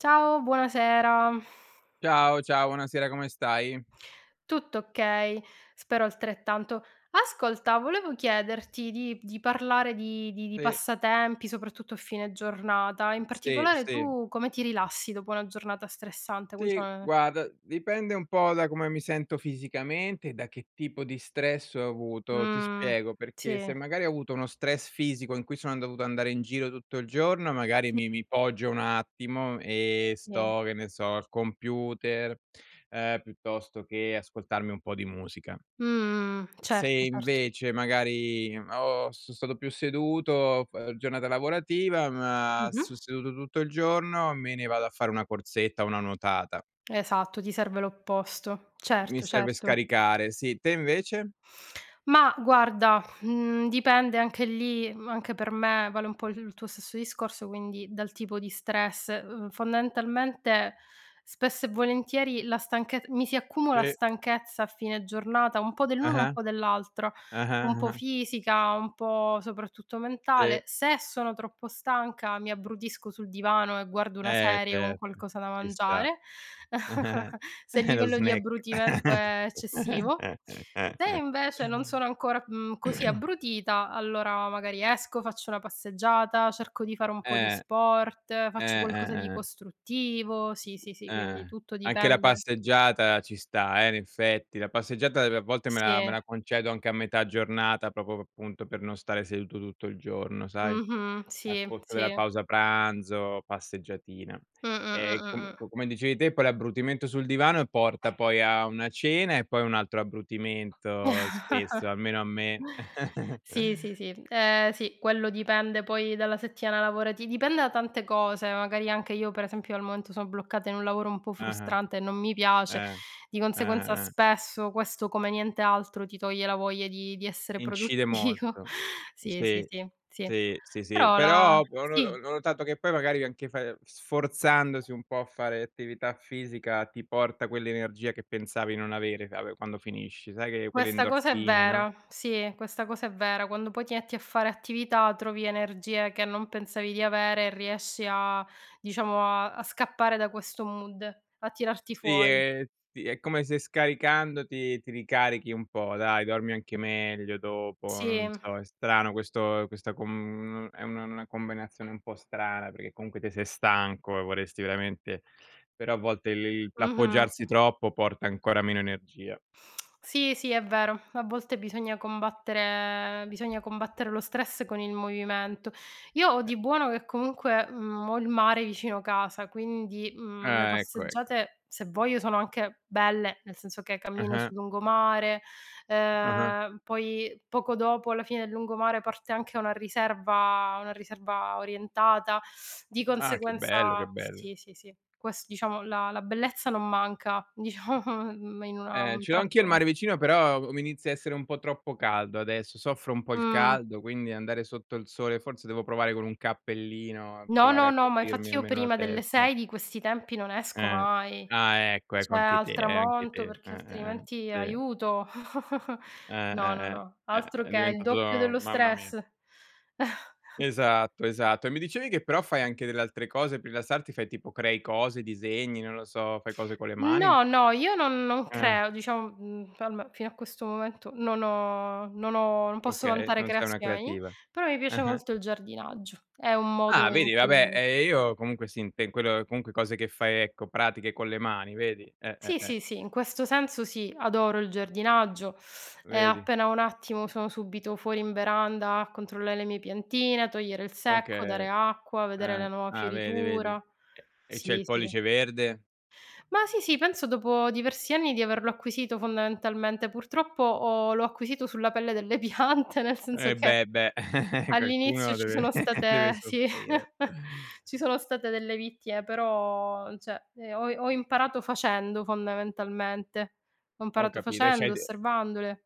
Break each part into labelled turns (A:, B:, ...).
A: Ciao, buonasera.
B: Ciao, ciao. Buonasera, come stai?
A: Tutto okay, spero altrettanto. Ascolta, volevo chiederti di p di parlare di di di
B: Sì.
A: passatempi, soprattutto a fine giornata. In
B: Sì,
A: particolare,
B: sì.
A: tu come ti rilassi dopo una giornata stressante? Quali
B: Sì,
A: sono ne ne
B: guarda, dipende un po' da come mi sento fisicamente e da che tipo di stress ho avuto. Ti
A: Mh,
B: spiego, perché se
A: sì.
B: magari ho avuto uno stress fisico in cui sono an dovuto andare in giro tutto il giorno, magari
A: Ti
B: mi mi poggio un attimo e
A: [unintelligible]
B: sto, che ne so, al computer, ehm, piuttosto che ascoltarmi un po' di musica
A: Mh, mh, mh.
B: se
A: Certo, certo.
B: invece, magari, ho so' stato più seduto f ehm, giornata lavorativa, ma
A: Mh-mh.
B: sto seduto tutto il giorno, me ne vado a fare una corsetta, o una nuotata.
A: Esatto, ti serve l'opposto.
B: Mi
A: Certo,
B: serve
A: certo.
B: scaricare, sì. Te invece?
A: Mah guarda, mhmm, dipende anche lì, mhmm, anche per me vale un po' il il tuo stesso discorso, quindi dal tipo di stress. Uhm, fondamentalmente, spesso e volentieri la stanchez mi si accumula
B: E
A: stanchezza a fine giornata un po' dell'uno e un
B: Ah-ah.
A: po' dell'altro,
B: Ah-ah.
A: un po'
B: Ah-ah.
A: fisica, un po', soprattutto, mentale.
B: Sì.
A: Se sono troppo stanca, mi abbrutisco sul divano e guardo una
B: Eh,
A: serie con
B: certo.
A: qualcosa da
B: Ci sta.
A: mangiare, se il
B: Eh lo
A: livello di
B: snack!
A: abbrutimento è eccessivo. Se invece non sono ancora, mhmm, così abbrutita, allora magari esco, faccio una passeggiata, cerco di fare un po' di
B: Eh.
A: sport,
B: Eh,
A: faccio
B: eh,
A: qualcosa di
B: eh, eh.
A: costruttivo, sì, sì, sì,
B: Eh,
A: quindi
B: eh.
A: tutto
B: Anche la
A: dipende
B: passeggiata ci sta, eh, in effetti. La passeggiata ev a volte, me la me
A: Sì.
B: la concedo anche a metà giornata, proprio, p appunto, per non stare seduto tutto il giorno, sai,
A: Mh-mh.
B: al
A: Sì,
B: pozzo della
A: sì.
B: pausa pranzo, passeggiatina.
A: Mh, mh,
B: Ehm,
A: mh,
B: com
A: mh, mh.
B: co come dicevi te, poi l'abbrutimento sul divano, porta poi a una cena e poi un altro abbrutimento spesso, almeno a me.
A: Sì, sì, sì. Ehm sì, quello dipende poi dalla settimana lavorati dipende da tante cose. Magari anche io, per esempio, al momento sono bloccata in un lavoro un po'
B: Ah-ah.
A: frustrante e non mi piace,
B: Eh.
A: di
B: Eh,
A: conseguenza
B: eh, eh.
A: spesso questo, come niente altro, ti toglie la voglia di di essere
B: Incide
A: produttivo.
B: molto.
A: Sì, sì,
B: Sì.
A: sì, sì.
B: Sì, sì, sì.
A: Però, la
B: Però ho p ho no ho
A: sì.
B: ho notato che poi, magari, anche fa ehm, sforzandosi un po' a fare attività fisica, ti porta quell'energia che pensavi non avere, ch'ave quando finisci, sai che quelle
A: Questa cosa è
B: endorfine, no?
A: vera, sì, questa cosa è vera, quando poi ti etti a fare attività trovi energie che non pensavi di avere e riesci a diciamo, a a scappare da questo mood, a tirarti
B: Sì,
A: fuori.
B: e ti è come se scaricandoti, ti ricarichi un po', dai, dormi anche meglio dopo. Non
A: Sì.
B: so, è strano questo questa com è una 'na combinazione un po' strana perché comunque te sei stanco, e vorresti veramente Però a volte, il le i
A: Mh-mh.
B: l'appoggiarsi troppo porta ancora meno energia.
A: Sì, sì, è vero, a volte bisogna combattere bisogna combattere lo stress con il movimento. Io ho
B: [unintelligible]
A: di buono che comunque, mhmm, ho il mare vicino casa quindi, mhmm, le
B: Ah, ecco, ecco.
A: passeggiate, se voglio, sono anche belle, nel senso che cammino
B: Ah-ah.
A: sul lungomare,
B: Ah-ah.
A: ehm, poi poco dopo, alla fine del lungomare, parte anche una riserva una riserva orientata, di
B: Ah! Che bello, che
A: conseguenza
B: bello!
A: sì, sì, sì. Quest diciamo, la la bellezza non manca, diciamo me in una
B: Eh,
A: un
B: ce l'ho anch'io il
A: tratto
B: mare vicino, però uo mi inizia a essere un po' troppo caldo adesso, soffro un po' il
A: Mh.
B: caldo, quindi andare sotto il sole forse devo provare con un cappellino,
A: No,
B: provare
A: no,
B: a
A: no! Ma
B: coprirmi
A: infatti, io
B: almeno la
A: prima delle
B: testa.
A: 6 di questi tempi non esco
B: Eh.
A: mai!
B: Ah, ecco, ecco
A: Cioè,
B: anche te,
A: al
B: eh anche
A: tramonto,
B: te.
A: perché
B: Eh, eh, eh,
A: altrimenti
B: sì.
A: aiuto!
B: Eh,
A: No, no,
B: eh, eh,
A: no.
B: è
A: Altro
B: è
A: che! Il doppio
B: diventato
A: dello
B: mamma mia.
A: stress.
B: Esatto, esatto. E mi dicevi che però fai anche delle altre cose pe' rilassarti, fai tipo crei cose? Disegni? Non lo so, fai cose con le mani?
A: No, no, io non non
B: Ah.
A: creo, diciam mhmm, poi alme fino a questo momento non ho non ho non posso
B: Okay,
A: vantare
B: non sei una
A: creazioni,
B: creativa.
A: però mi piace
B: Ah-ah.
A: molto il giardinaggio. È un modo
B: Ah,
A: in
B: vedi! Vabbè,
A: cui
B: ehm, io comunque sì inte in quello comunque cose che fai, ecco, pratiche con le mani, vedi? Eh, eh,
A: Sì,
B: eh.
A: sì, sì, in questo senso sì, adoro il giardinaggio e
B: Vedi?
A: appena ho un attimo sono subito fuori in veranda a controllare le mie piantine, a togliere il secco, dare
B: Okay.
A: acqua, vedere la
B: Eh,
A: nuova
B: ah vedi, vedi?
A: fioritura.
B: E e c'hai
A: Sì,
B: il
A: sì.
B: pollice verde?
A: Mah sì, sì penso dopo diversi anni di averlo acquisito, fondamentalmente. Purtroppo, ho l'ho acquisito sulla pelle delle piante nel senso
B: Eh,
A: che,
B: beh, beh!
A: all'inizio
B: Qualcuno
A: ci
B: deve
A: sono state
B: deve
A: sì,
B: soffrire.
A: ci sono state delle vittime, però n cioè, ehm, ho i ho imparato facendo fondamentalmente. Ho
B: Ho
A: imparato
B: capito, e
A: facendo,
B: c'hai de
A: osservandole.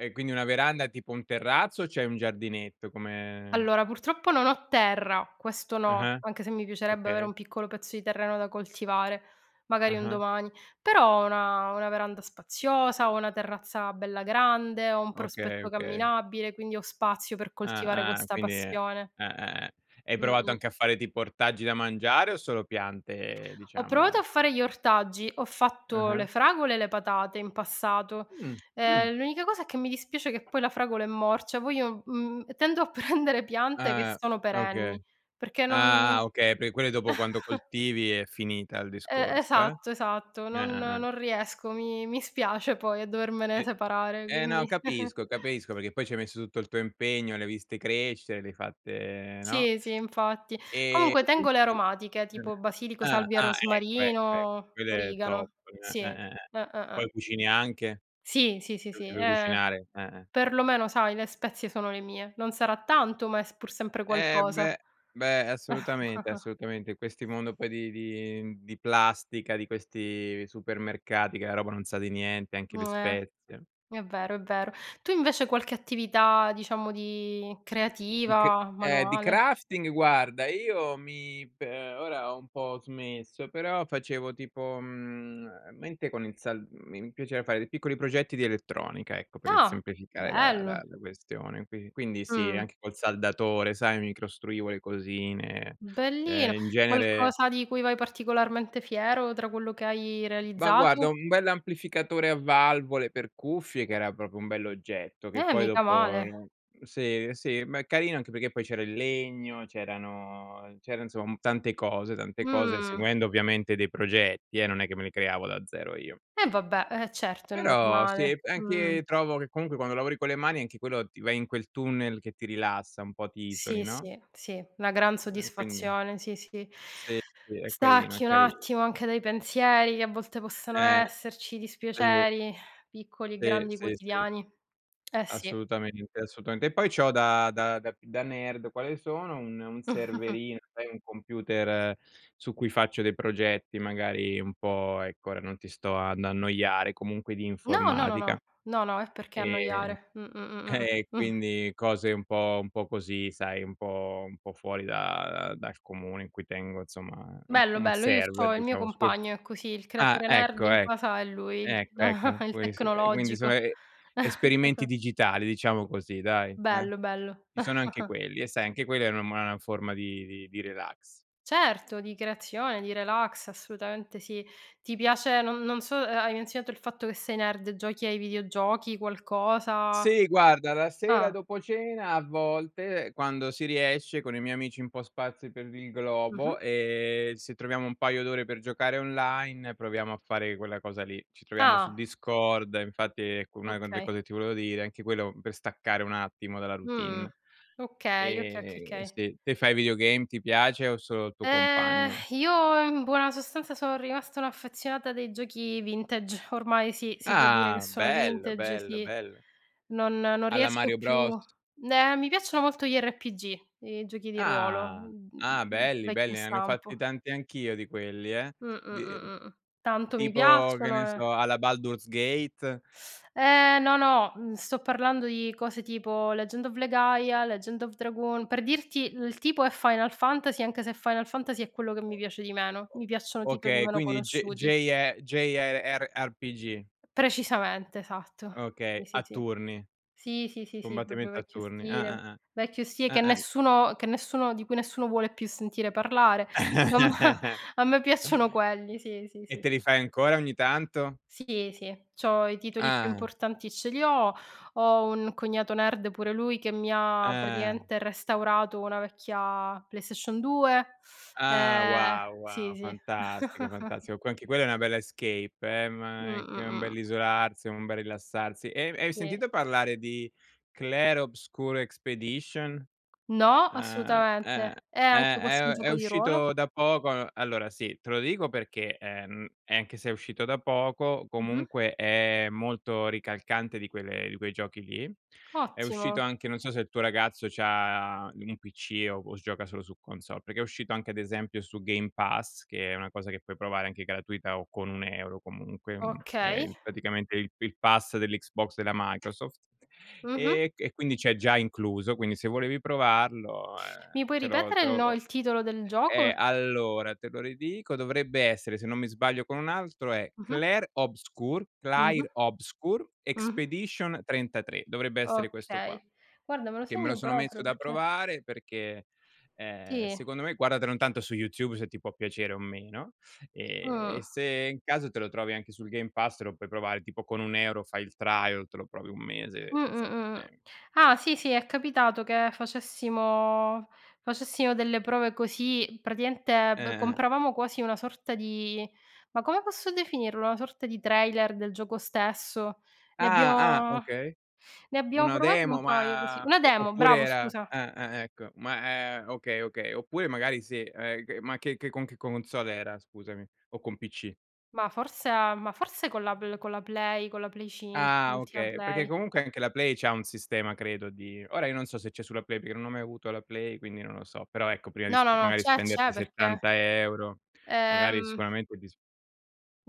B: Ehm quindi una veranda, tipo un terrazzo o c'è un giardinetto come
A: Allora, purtroppo non ho terra, questo no,
B: Ah-ah.
A: anche se mi piacerebbe avere
B: Okay.
A: un piccolo pezzo di terreno da coltivare, magari un
B: Ah-ah.
A: domani. Però ho una una veranda spaziosa, ho una terrazza bella grande, ho un
B: Okay,
A: prospetto
B: okay.
A: camminabile, quindi ho spazio per coltivare
B: Ah, ah.
A: questa
B: Quindi è
A: passione.
B: eh, eh, eh. Hai provato
A: Mh-mh.
B: anche a fare tipo ortaggi da mangiare o solo piante,
A: Ho provato
B: diciamo?
A: a fare gli ortaggi, ho fatto le
B: Ah-ah.
A: fragole e le patate in passato,
B: Mh, mh.
A: ehm, l'unica cosa, che mi dispiace che poi la fragola è morcia, poi io mhmm, tendo a prendere piante che
B: Ah,
A: sono
B: okay.
A: perenni, perché non
B: Ah, ah, okay. Per quelle dopo quando coltivi è finita il
A: E
B: discorso, eh?
A: esatto, esatto.
B: Eh,
A: Non
B: eh, eh.
A: non riesco. Mi mi spiace poi a dovermene
B: E
A: separare,
B: eh
A: quindi
B: no, capisco, capisco, perché poi ci hai messo tutto il tuo impegno, le hai viste crescere, le hai fatte no?
A: Sì, sì, infatti.
B: E
A: Comunque tengo le aromatiche, tipo
B: [unintelligible]
A: basilico,
B: Ah,
A: salvia e
B: ah, ecco, ecco, ec
A: rosmarino,
B: quello è top.
A: origano.
B: Ah,
A: Sì,
B: ah, ah, ah.
A: ah, ah, ah.
B: Poi cucini anche?
A: Sì, sì, sì,
B: Le
A: sì,
B: usi per
A: eh,
B: cucinare? Eh, eh.
A: per lo meno, sai, le spezie sono le mie. Non sarà tanto, ma è s pur sempre
B: Eh
A: qualcosa.
B: beh beh, assolutamente, assolutamente in questi mondo poi di di, uhm, di plastica, di questi supermercati che la roba non sa di niente,
A: Mh,
B: anche le
A: eh,
B: spezie.
A: è vero, è vero. Tu invece hai qualche attività diciamo di
B: Di che
A: creativa,
B: Eh, di
A: manuale?
B: crafting, guarda, io mi pe ora ho un po' smesso, però facevo tipo, mhmm, mente con il sal mi piaceva fare dei piccoli progetti di elettronica, ecco, per
A: Ah,
B: semplificare la la
A: bello!
B: la questione, qui quindi sì,
A: Mh.
B: anche col saldatore, sai, mi costruivo le cosine,
A: Bellino
B: eh, in genere
A: qualcosa di cui vai particolarmente fiero, tra quello che hai
B: Ma guarda,
A: realizzato?
B: un bell'amplificatore a valvole per cuffie, che era proprio un bell'oggetto, che
A: Eh,
B: poi
A: mica
B: dopo
A: male.
B: sì, sì, ma è carino anche perché poi c'era il legno, c'erano c'era insom tante cose, tante cose
A: Mhmm.
B: seguendo ovviamente dei progetti, eh, non è che me li creavo da zero io.
A: E vabbè, eh, certo, è
B: Però sì,
A: normale. Mh.
B: anche trovo che comunque quando lavori con le mani, anche quello ti vai in quel tunnel che ti rilassa, un po' ti isoli,
A: Sì,
B: no?
A: sì, sì, una gran
B: [unintelligible] Quindi.
A: soddisfazione, sì, sì.
B: Sì, sì, è carino, è
A: Stacchi un
B: carino.
A: attimo anche dai pensieri, che a volte possono
B: Eh,
A: esserci,
B: sì.
A: dispiaceri, piccoli e
B: Sì,
A: grandi
B: sì, sì.
A: quotidiani. Eh, sì.
B: Assolutamente, assolutamente. E poi c'ho da da da da nerd, quale sono, un un serverino, sai un computer, su cui faccio dei progetti, magari un po ecco, ora non ti sto ad annoiare, comunque di
A: No, no, no, no,
B: informatica.
A: no, no e perché
B: Ehm,
A: annoiare? Mh, mh, mh,
B: e
A: mh.
B: quindi cose un po un po' così, sai un po un po' fuori da uhm, dal comune, in cui tengo insomma u
A: Bello,
B: un
A: bello, io
B: server,
A: c'ho il mio
B: diciamo su cui
A: compagno è così, il
B: ah,
A: creatore nerd
B: ecco,
A: in
B: ecc
A: casa è lui, il
B: ecco ecco,
A: il
B: [unintelligible] quindi sono,
A: tecnologico.
B: e esperimenti digitali, diciamo così, dai, eh?
A: Bello, bello.
B: Ci sono anche quelli, e sai, anche quella [unintelligible] una forma di di di relax.
A: Certo, di creazione, di relax, assolutamente sì. Ti piace, non non so, hai menzionato il fatto che sei nerd, giochi ai videogiochi, qualcosa?
B: Sì, guarda la
A: Ah.
B: sera, dopo cena, a volte quando si riesce, con i miei amici un po' sparsi per il globo,
A: Mh-mh.
B: ehm, se troviamo un paio d'ore per giocare online, proviamo a fare quella cosa lì. Ci troviamo su
A: Ah.
B: Discord, infatti ecco, una delle
A: Okay.
B: cose che ti volevo dire, anche quello per staccare un attimo dalla
A: Mh.
B: routine.
A: Okay, okay, okay,
B: Eh,
A: okay.
B: sì. Te fai videogame? Ti piace, o solo il tuo
A: Ehm,
B: compagno?
A: io in buona sostanza son rimasta un'affezionata dei giochi vintage. Ormai sì, si può dire che
B: Ah,
A: sono
B: bello,
A: vintage,
B: bello,
A: sì.
B: bello.
A: Non non
B: Alla
A: riesco
B: Mario
A: più
B: Bros.
A: eh, mi piacciono molto gli RPG, i giochi di ruolo,
B: Ah,
A: uhm,
B: ah, belli,
A: vecchio
B: belli. Ah, ne ho fatti
A: stampo.
B: tanti anch'io di quelli, eh?
A: Mh, mh,
B: Di uhm,
A: mh, mh. Tanto, mi
B: tipo che
A: piacciono,
B: ne so
A: eh
B: alla Baldur's Gate?
A: Eh, no, no, mhmm, sto parlando di cose tipo Legend of Legaia, Legend of Dragoon, per dirti il tipo è Final Fantasy, anche se Final Fantasy è quello che
B: O
A: mi piace di meno.
B: o
A: Mi piacciono titoli
B: okay
A: meno
B: quindi J
A: conosciuti.
B: JE JR RPG.
A: P precisamente, esatto. Sì,
B: Okay,
A: sì,
B: a
A: sì,
B: turni.
A: sì, sì, sì, sì, proprio
B: Combattimento a
A: vecchio
B: turni,
A: stile,
B: ah, ah,
A: vecchio stile
B: ah,
A: che
B: ah, ah
A: nessuno che nessuno di cui nessuno vuole più sentire parlare. A me a me piacciono quelli, sì, sì,
B: E
A: sì,
B: te
A: sì.
B: li fai ancora ogni tanto?
A: Sì, sì, c'ho i titoli più
B: Ah.
A: importanti ce li ho, ho un cognato nerd pure lui, che mi ha
B: Eh.
A: praticamente restaurato una vecchia PlayStation 2.
B: Ah
A: Eh,
B: wow,
A: sì,
B: wow,
A: sì.
B: fantastico, fantastico, qua anche quella è una bella escape, eh,
A: Mh,
B: ma è c
A: mh,
B: un
A: mh.
B: bell'isolarsi, è un bel rilassarsi. E e hai
A: Sì.
B: sentito parlare di Clair Obscur Expedition?
A: No,
B: Ah, eh
A: assolutamente. È
B: eh,
A: anche questo un
B: è è
A: gioco di ruolo?
B: uscito da poco Allora sì, te lo dico perché, ehm, e anche se è uscito da poco,
A: Mh-mh.
B: comunque è molto ricalcante di quelle di quei giochi lì. È
A: Ottimo.
B: uscito anche non so se il tuo ragazzo c'ha un PC o o gioca solo su console, perché è uscito anche ad esempio su Game Pass, che è una cosa che puoi provare anche gratuita o con un 1 € comunque, mhmm,
A: Okay.
B: è praticamente il il pass dell'Xbox della Microsoft.
A: Mh-mh.
B: Ehm, e qui quindi c'è già incluso, quindi se volevi provarlo,
A: Mi
B: uhm,
A: puoi
B: te lo
A: ripetere
B: te
A: il no
B: lo
A: il titolo del gioco?
B: eh, allora te lo ridico, dovrebbe essere, se non mi sbaglio, con un altro è
A: Mh-mh.
B: Claire Obscure,
A: Mh-mh.
B: Claire Obscure
A: Mh-mh.
B: Expedition 33, dovrebbe essere questo qua.
A: Okay, guarda, me lo
B: Che me lo
A: segno
B: sono messo
A: proprio
B: da
A: perché
B: provare, perché
A: Tì.
B: ehm, secondo me guardatelo intanto su YouTube, se ti può piacere o meno, ehm,
A: Mh.
B: e se in caso te lo trovi anche sul Game Pass, te lo puoi provare tipo con 1 € fai il trial, te lo provi 1
A: Mh,
B: mese
A: mh,
B: senza
A: mh.
B: problemi.
A: Ah, sì, sì, è capitato che facessimo facessimo delle prove così. Praticamente, be
B: Eh, eh.
A: compravamo quasi una sorta di ma come posso definirlo? Una sorta di trailer del gioco stesso. Ne abbia
B: Ah, ah, okay.
A: ne abbiamo
B: Una
A: provato un
B: demo,
A: paio così
B: ma
A: una
B: o
A: demo,
B: oppure
A: bravo,
B: era
A: scusa.
B: ah, ah, ecco. Ma, è okay, okay. Oppure magari sì, eh, ma che che con che console era scusami? O con PC?
A: Ma forse a ma forse con la b con la Play con la Play cin
B: Ah,
A: l'ultima
B: okay, perché
A: Play.
B: comunque anche la Play c'ha un sistema credo di ora io non so se c'è sulla Play perché non ho mai avuto la Play, quindi non lo so, però ecco prima di
A: No, no,
B: sp
A: no.
B: magari
A: C'è, c'è,
B: spenderti
A: perché
B: 70 €, magari
A: ehm
B: sicuramente disp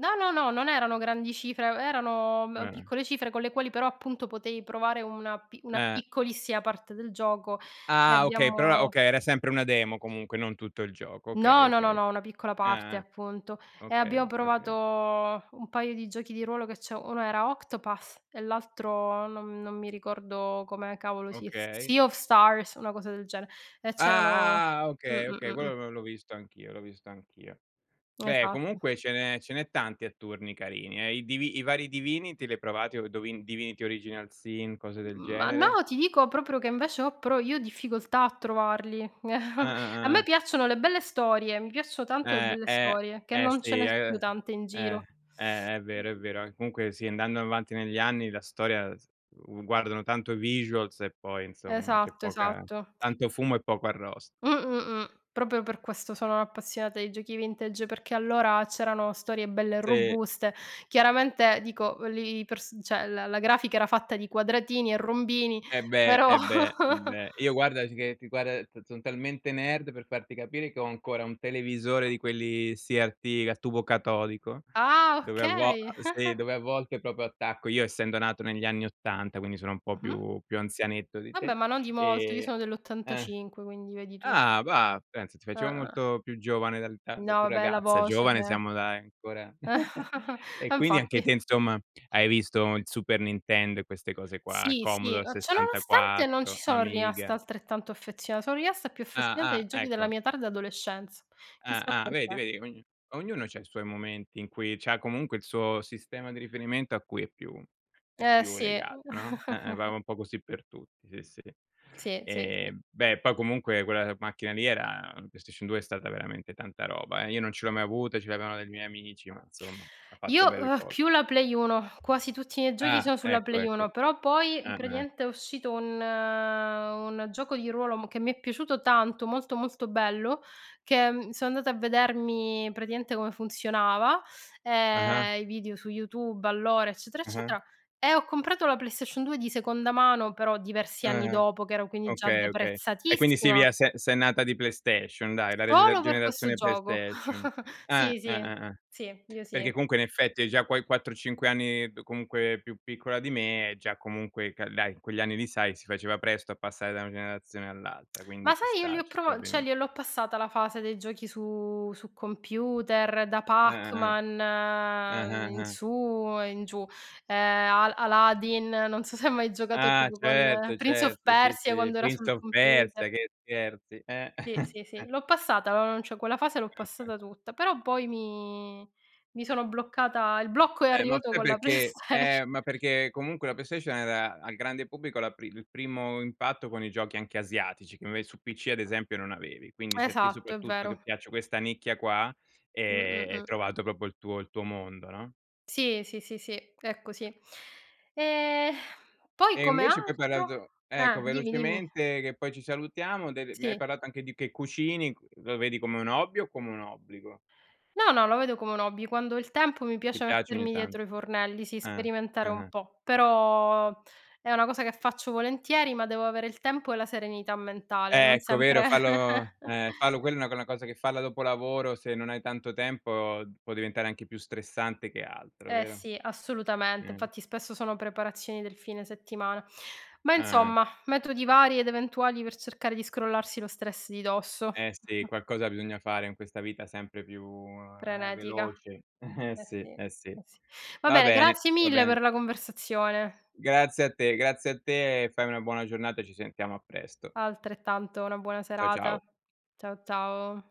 A: No, no, no, non erano grandi cifre, e erano, m
B: Eh-eh.
A: piccole cifre, con le quali però, appunto, potevi provare una pi una
B: Eh.
A: piccolissima parte del gioco, e
B: Ah, okay, però
A: abbiamo
B: okay, era sempre una demo comunque, non tutto il gioco. Okay,
A: No, no, no,
B: okay.
A: no, una piccola parte,
B: Ah-ah.
A: appunto, e abbiamo
B: Okay,
A: provato
B: okay.
A: un paio di giochi di ruolo che c'ho, uno era Octopas e l'altro non non mi ricordo come cavolo Se
B: Okay.
A: Sea of Stars, una cosa del gene e c'erano
B: Ah, ah, ah,
A: mh,
B: okay,
A: mh,
B: okay,
A: mh, mh.
B: quello l l'ho l'ho visto anch'io, l'ho visto anch'io. Beh,
A: Esatto.
B: comunque ce n'è ce n'è tanti a turni carini, eh. I Divi i vari Divinity, li hai provati Do Divin Divinity Original Sin, cose del
A: Mhmm, ma no,
B: genere?
A: ti dico proprio che invece ho pro io ho difficoltà a trovarli.
B: Ah, ah,
A: A
B: ah,
A: me
B: ah.
A: piacciono le belle storie, mi piaccio tanto le
B: Eh,
A: belle
B: eh,
A: storie, che
B: eh,
A: non ce
B: sì
A: ne sono
B: eh,
A: più tante in
B: eh,
A: giro.
B: eh è vero, è
A: Mh-mh.
B: vero, eh, comunque sì, andando avanti negli anni la storia, s uhm, guardano tanto i visuals e poi insomma c'è
A: Esatto,
B: poca
A: esatto.
B: tanto fumo e poco arrost
A: Mh, mh, mh. Proprio per questo sono appassionata di giochi vintage, perché allora c'erano storie belle e
B: Sì.
A: robuste. Chiaramente dico v li pers cioè la la grafica era fatta di quadratini e rombini,
B: Eh beh,
A: però.
B: eh beh, eh beh. Io guardati che che guarda son son talmente nerd, per farti capire, che ho ancora un televisore di quelli CRT a tubo catodico,
A: Ah,
B: dove a vol a
A: okay.
B: ehm, sì, dove a volte proprio attacco io essendo nato negli anni '80, quindi sono un po'
A: Mh-mh.
B: più più anzianetto di
A: Vabbè,
B: te,
A: ma non di molto. Io sono
B: ehm ah
A: dell'85, quindi vedi tu.
B: ah bah, pensa ti facevo
A: Ah-ah.
B: molto più giovane dal [unintelligible] da
A: No,
B: più
A: vabbè, la
B: ragazza,
A: voce
B: giovane
A: de
B: siamo dai ancora.
A: E
B: E quindi anche
A: infatti.
B: te, insomma, hai visto il Super Nintendo e queste cose qua,
A: Sì, sì,
B: Commodore
A: ma ciò nonostante non ci
B: 64,
A: sono rimasta
B: Amiga.
A: altrettanto affezion sono rimasta più affezionata
B: Ah,
A: ai
B: ah,
A: giochi della
B: ecco.
A: mia tarda adolescenza, chissà
B: Ah, ah vedi,
A: perché.
B: vedi ogn ognuno c'ha i suoi momenti in cui c'ha comunque il suo sistema di riferimento a cui è più è
A: Eh
B: più
A: sì.
B: legato, no. E ehm, va un po' così per tutti, sì, sì.
A: Sì, sì, sì.
B: Ehm, beh, poi comunque quella macchina lì era, uhm PlayStation 2 è stata veramente tanta roba, eh. Io non ce l'ho mai avuta, ce l'avevano dei miei amici, ma insomma, ha
A: Io,
B: fatto belle
A: uhm,
B: cose.
A: più la Play 1, quasi tutti i miei giochi
B: Ah,
A: sono sulla
B: ecco,
A: Play
B: ecco.
A: 1; però poi
B: Ah-ah.
A: praticamente è uscito un un gioco di ruolo m che mi è piaciuto tanto, molto, molto bello, che, mhmm, sono andata a vedermi praticamente come funzionava,
B: Ah-ah.
A: ehm, i video su YouTube, allora, eccetera
B: Ah-ah.
A: eccetera, e ho comprato la PlayStation 2 di seconda mano, però diversi anni
B: Ah-ah.
A: dopo che ero, quindi già
B: Okay, okay. E quindi
A: deprezzatissima.
B: Silvia se sei nata di PlayStation, dai. La reg
A: Solo per questo
B: generazione
A: gioco.
B: PlayStation. Eh,
A: Sì,
B: eh,
A: sì,
B: eh, eh.
A: sì, io
B: Perché
A: sì.
B: comunque in effetti hai già quei 4-5 anni, più comunque più piccola di me, e già comunque ca dai, in quegli anni lì sai, si faceva presto a passare da una generazione all'altra, quindi
A: Ma
B: ci
A: sai io li
B: sta,
A: ho
B: ci sta
A: provo cioè
B: beni
A: gliel'ho passata la fase dei giochi su su computer, da
B: Ah, ah, ah.
A: Pac-Man,
B: Ah,
A: mhmm,
B: ah,
A: in
B: ah.
A: su e in giù. Ehm, Al Aladdin, non so se hai mai giocato
B: Ah,
A: tipo con
B: certo,
A: Prince of
B: certo, sì,
A: Persia
B: sì.
A: quando era sul
B: Prince of Persia,
A: computer.
B: che scherzi, eh.
A: Sì, sì, sì, l'ho passata, non non cioè quella fase l'ho
B: Ah-ah.
A: passata tutta. Però poi mi mi sono bloccata il blocco è
B: Eh, ma
A: arrivato
B: sai
A: con la
B: perché
A: PlayStation.
B: eh, ma perché comunque la PlayStation era al grande pubblico la pri il primo impatto con i giochi anche asiatici, che inve su PC ad esempio non avevi, quindi se a te,
A: Esatto, è
B: soprattutto che
A: vero.
B: piace questa nicchia qua,
A: Mh, mh,
B: ehm, hai
A: mh.
B: trovato proprio il tuo il tuo mondo, no.
A: Sì, sì, sì, sì, è così. Ehm, poi
B: E
A: come
B: invece poi hai
A: altro
B: parlato
A: ah,
B: ecco
A: dimmi, dimmi.
B: velocemente che poi ci salutiamo, delle mi hai
A: Sì.
B: parlato anche di che cucini, lo vedi come un hobby o come un obbligo?
A: No, no, lo vedo come un hobby, quando ho il tempo mi
B: Ti
A: piace
B: piace ogni
A: mettermi
B: tan
A: dietro i fornelli, sì,
B: Ah.
A: sperimentare un
B: Ah-ah.
A: po'. Però, è una cosa che faccio volentieri, ma devo avere il tempo e la serenità mentale, non
B: Ecco, vero,
A: sempre.
B: farlo eh, farlo quella è una una cosa che farla dopo lavoro, se non hai tanto tempo, uhm, può diventare anche più stressante che altro,
A: Eh
B: vero?
A: sì, assolutamente,
B: Ehm.
A: infatti spesso sono preparazioni del fine settimana. Ma
B: Ah-ah.
A: insomma, metodi vari ed eventuali per cercare di scrollarsi lo stress di dosso.
B: Eh sì, qualcosa bisogna fare in questa vita sempre più, ehm,
A: Frenetica.
B: veloce. Eh
A: Eh sì,
B: sì,
A: eh
B: eh sì.
A: sì. Va
B: Va
A: bene,
B: bene,
A: grazie
B: va
A: mille per
B: bene.
A: la conversazione.
B: Grazie a te, grazie a te e fai una buona giornata e ci sentiamo a presto.
A: Altrettanto. Una buona
B: Ciao ciao.
A: serata. Ciao ciao.